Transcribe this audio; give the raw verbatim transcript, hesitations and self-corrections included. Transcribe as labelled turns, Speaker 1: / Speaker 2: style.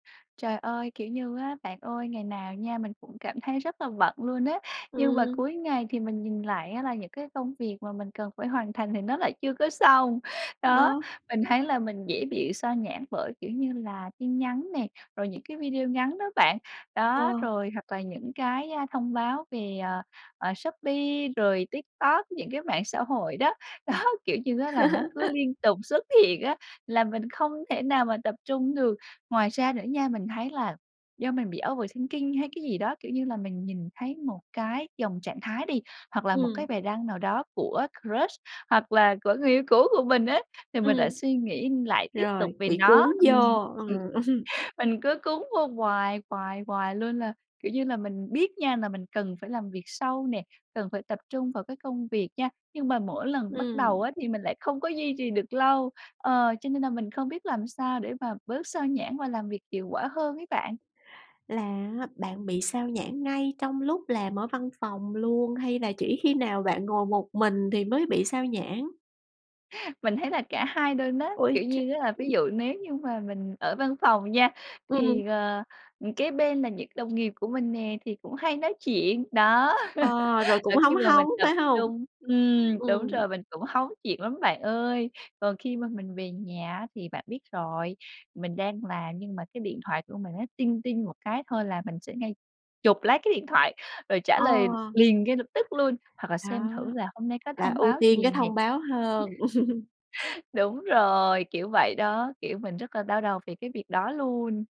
Speaker 1: Trời ơi, kiểu như á, bạn ơi, ngày nào nha mình cũng cảm thấy rất là bận luôn á. Nhưng mà
Speaker 2: Ừm.
Speaker 1: cuối ngày thì mình nhìn lại á, là những cái công việc mà mình cần phải hoàn thành thì nó lại chưa có xong. Đó,
Speaker 2: Ờ.
Speaker 1: mình thấy là mình dễ bị xao nhãng bởi, kiểu như là, tin nhắn nè, rồi những cái video ngắn đó bạn, đó,
Speaker 2: Ờ.
Speaker 1: rồi, hoặc là những cái, a, thông báo về, ờ, ờ, Shopee, rồi TikTok, những cái mạng xã hội đó. Đó, kiểu như á, là nó cứ liên tục xuất hiện á, làm mình không thể nào mà tập trung được. Ngoài ra nữa nha, mình thấy là do mình bị overthinking hay cái gì đó, kiểu như là, mình nhìn thấy một cái dòng trạng thái đi, hoặc là một cái
Speaker 2: Ừm.
Speaker 1: bài đăng nào đó của crush, hoặc là của người yêu cũ của mình ấy, thì mình lại
Speaker 2: Ừm.
Speaker 1: suy nghĩ, lại tiếp tục
Speaker 2: Rồi,
Speaker 1: về
Speaker 2: bị cuốn
Speaker 1: nó,
Speaker 2: vô,
Speaker 1: ừm, ừm.
Speaker 2: ờ, ừm.
Speaker 1: Mình cứ cuốn vô hoài, hoài, hoài luôn. Là, kiểu như là, mình biết nha là mình cần phải làm việc sâu nè, cần phải tập trung vào cái công việc nha, nhưng mà mỗi lần bắt đầu
Speaker 2: Ừm.
Speaker 1: á, thì mình lại không có duy trì được lâu. Ờ, cho nên nà mình không biết làm sao để mà bớt xao nhãng và làm việc hiệu quả hơn ấy bạn.
Speaker 2: Là á bạn bị xao nhãng ngay trong lúc làm ở văn phòng luôn, hay là chỉ khi nào bạn ngồi một mình thì mới bị xao nhãng?
Speaker 1: Mình thấy là cả hai nuôn á, kiểu
Speaker 2: Ôi
Speaker 1: như á, là ví
Speaker 2: trời!
Speaker 1: dụ nếu như mà mình ở văn phòng nha
Speaker 2: Ừm.
Speaker 1: thì, ờ, ừm, kế bên là những đồng nghiệp của mình nè, thì cũng hay nói chuyện, đó.
Speaker 2: Ờ, rồi, cũng
Speaker 1: Rồi khi
Speaker 2: hóng
Speaker 1: mà mình
Speaker 2: hóng,
Speaker 1: tập
Speaker 2: phải hông?
Speaker 1: trung ừm, đúng
Speaker 2: Ừm.
Speaker 1: rồi, mình cũng hóng chuyện lắm bạn ơi. Còn khi mà mình về nhà á thì bạn biết rồi, mình đang làm nhưng mà cái điện thoại của mình nó "ting ting" một cái thôi là mình sẽ ngay chụp lấy cái điện thoại, rồi trả
Speaker 2: Ờ.
Speaker 1: lời liền ngay lập tức luôn, hoặc là xem
Speaker 2: Đó,
Speaker 1: thử là hôm nay có
Speaker 2: là
Speaker 1: thông
Speaker 2: ưu
Speaker 1: báo
Speaker 2: tiên cái
Speaker 1: gì nè.
Speaker 2: thông báo hơn.
Speaker 1: Đúng rồi, kiểu vậy đó. Kiểu, mình rất là đau đầu về cái việc đó luôn.